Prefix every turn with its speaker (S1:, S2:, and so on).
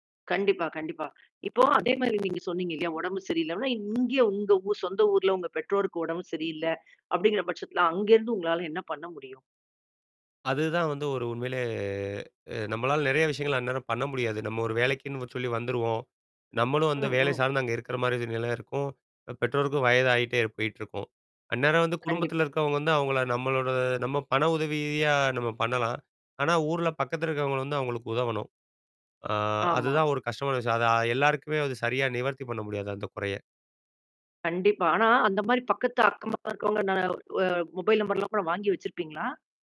S1: கண்டிப்பா. கண்டிப்பா. இப்போ, அதே மாரி நீங்க சொன்னீங்கல்லையா, உடம்பு சரியில்ல அப்ப, இங்க உங்க சொந்த ஊர்ல, உங்க பெற்றோருக்கு உடம்பு சரியில்ல, அப்படிங்கற பட்சத்தில, அங்கருந்து உங்களால, என்ன பண்ண முடியும்?
S2: அதுதான் வந்து, ஒரு உண்மையிலே, நம்மளால நெறய விஷயங்கள், அந்நேரம் பண்ண முடியாது. நம்ம ஒரு வேலைக்குன்னு சொல்லி வந்துருவோம். நம்மளும் வந்து
S1: ம்.
S2: வேலை
S1: ம்.
S2: சார்ந்து, அங்க இருக்குற மாரி ஒரு நில இருக்கும். பெற்றோருக்கும் வயதாகிட்டே போயிட்டுருக்கும். அந்நேரம் வந்து குடும்பத்தில
S1: கண்டிப்பா.
S2: இருக்கிறவங்க வந்து, அவங்கள நம்மளோட நம்ம பண உதவியா நம்ம பண்ணலாம். ஆனா, ஊர்ல பக்கத்தில இருக்கிறவங்கள வந்து, அவங்களுக்கு உதவணும். ஆ,
S1: ஆமா.
S2: அதுதான் ஒரு கஷ்டமான விஷயம். அத எல்லாருக்குமே அது சரியா, நிவர்த்தி பண்ண முடியாது, அந்த குறைய.
S1: கண்டிப்பா. ஆனா, அந்த மாரி பக்கத்து, அக்கபக்க இருக்கிறவங்க ந அ மொபைல் நம்பர்லாம் கூட, வாங்கி வச்சிருப்பீங்களா?